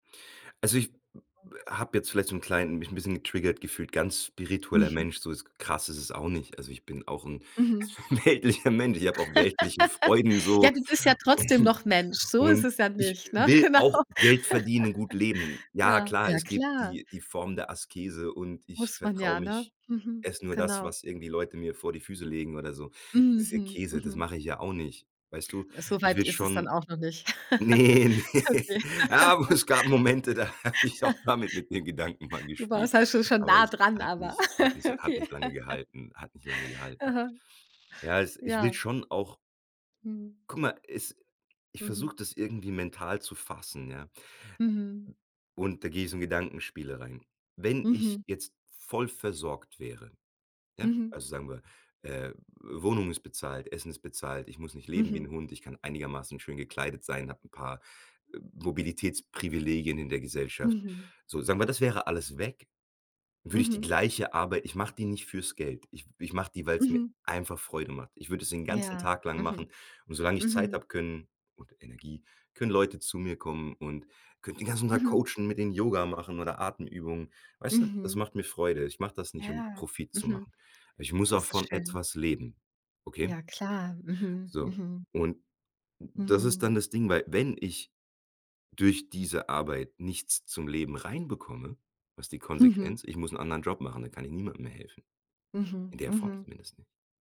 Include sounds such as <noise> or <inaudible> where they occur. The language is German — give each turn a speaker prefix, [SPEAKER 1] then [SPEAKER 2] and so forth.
[SPEAKER 1] Also ich habe jetzt vielleicht so 'n kleinen mich bisschen getriggert gefühlt, ganz spiritueller
[SPEAKER 2] Mhm.
[SPEAKER 1] Mensch, so ist krass ist es auch nicht. Also ich bin auch 'n
[SPEAKER 2] Mhm.
[SPEAKER 1] weltlicher Mensch. Ich habe auch weltliche Freuden
[SPEAKER 2] <laughs> Ja,
[SPEAKER 1] so
[SPEAKER 2] du bist ja trotzdem
[SPEAKER 1] und
[SPEAKER 2] noch Mensch. So ist
[SPEAKER 1] und
[SPEAKER 2] es ja
[SPEAKER 1] ich
[SPEAKER 2] nicht, ne?
[SPEAKER 1] will
[SPEAKER 2] Genau.
[SPEAKER 1] auch
[SPEAKER 2] <laughs>
[SPEAKER 1] Geld verdienen und gut leben. Ja,
[SPEAKER 2] Ja.
[SPEAKER 1] klar,
[SPEAKER 2] Ja,
[SPEAKER 1] es gibt
[SPEAKER 2] klar.
[SPEAKER 1] die die Form der Askese und ich
[SPEAKER 2] Muss man ja,
[SPEAKER 1] vertraue
[SPEAKER 2] ne?
[SPEAKER 1] mich
[SPEAKER 2] Mhm.
[SPEAKER 1] esse nur das,
[SPEAKER 2] Genau.
[SPEAKER 1] was irgendwie Leute mir vor die Füße legen oder so. Das ist ja
[SPEAKER 2] Mhm.
[SPEAKER 1] Käse, das
[SPEAKER 2] Mhm.
[SPEAKER 1] mache ich ja auch nicht, weißt du? Ich
[SPEAKER 2] Soweit
[SPEAKER 1] will
[SPEAKER 2] ist es dann
[SPEAKER 1] schon
[SPEAKER 2] auch noch nicht. <chuckles>
[SPEAKER 1] ne, ne.
[SPEAKER 2] Okay.
[SPEAKER 1] Aber es gab Momente, da habe ich auch damit mit den Gedanken mal
[SPEAKER 2] <laughs> Du warst
[SPEAKER 1] gespielt,
[SPEAKER 2] halt schon schon
[SPEAKER 1] aber
[SPEAKER 2] nah
[SPEAKER 1] es
[SPEAKER 2] dran,
[SPEAKER 1] hat
[SPEAKER 2] aber
[SPEAKER 1] mich hat nicht
[SPEAKER 2] <laughs>
[SPEAKER 1] hat
[SPEAKER 2] Okay.
[SPEAKER 1] nicht lange
[SPEAKER 2] <laughs>
[SPEAKER 1] gehalten hat nicht lange gehalten.
[SPEAKER 2] Aha.
[SPEAKER 1] Ja, es ich will
[SPEAKER 2] Ja.
[SPEAKER 1] schon auch
[SPEAKER 2] Mhm.
[SPEAKER 1] Guck mal, es ich
[SPEAKER 2] Mhm.
[SPEAKER 1] versuche das irgendwie mental zu fassen, ja?
[SPEAKER 2] Mhm.
[SPEAKER 1] Und da gehe ich so in Gedankenspiele rein. Wenn ich
[SPEAKER 2] Mhm.
[SPEAKER 1] jetzt voll versorgt wäre, ja?
[SPEAKER 2] Mhm.
[SPEAKER 1] Also sagen wir, äh, Wohnung ist bezahlt, Essen ist bezahlt, ich muss nicht leben wie 'n
[SPEAKER 2] Mhm.
[SPEAKER 1] Hund, ich kann einigermaßen schön gekleidet sein, habe 'n paar, äh, Mobilitätsprivilegien in der Gesellschaft.
[SPEAKER 2] Mhm.
[SPEAKER 1] So, sagen wir, das wäre alles weg, würde ich die
[SPEAKER 2] Mhm.
[SPEAKER 1] gleiche Arbeit ich mache die nicht für's Geld. Ich w ich mache die, weil's mir
[SPEAKER 2] Mhm.
[SPEAKER 1] einfach Freude macht. Ich würde das den ganzen
[SPEAKER 2] Ja,
[SPEAKER 1] Tag lang machen
[SPEAKER 2] mhm.
[SPEAKER 1] und solange ich Zeit
[SPEAKER 2] Mhm.
[SPEAKER 1] habe, können und Energie, können Leute zu mir kommen und könnte den ganzen Tag
[SPEAKER 2] Mhm.
[SPEAKER 1] coachen mit denen Yoga machen oder Atemübungen. Weißt du, das
[SPEAKER 2] Mhm.
[SPEAKER 1] macht mir Freude. Ich mache das nicht, um
[SPEAKER 2] Ja,
[SPEAKER 1] Profit zu
[SPEAKER 2] mhm.
[SPEAKER 1] machen. Aber ich muss auch
[SPEAKER 2] Das ist
[SPEAKER 1] von
[SPEAKER 2] schön.
[SPEAKER 1] etwas leben, okay?
[SPEAKER 2] Ja, klar. Mhm,
[SPEAKER 1] So,
[SPEAKER 2] mhm.
[SPEAKER 1] und das ist
[SPEAKER 2] Mhm.
[SPEAKER 1] dann das Ding, weil wenn ich durch diese Arbeit nichts zum Leben reinbekomme, was die
[SPEAKER 2] Mhm.
[SPEAKER 1] Konsequenz? Ich muss 'n anderen Job machen, dann kann ich niemandem mehr helfen,
[SPEAKER 2] Mhm,
[SPEAKER 1] in der Form
[SPEAKER 2] mhm.
[SPEAKER 1] zumindest nicht.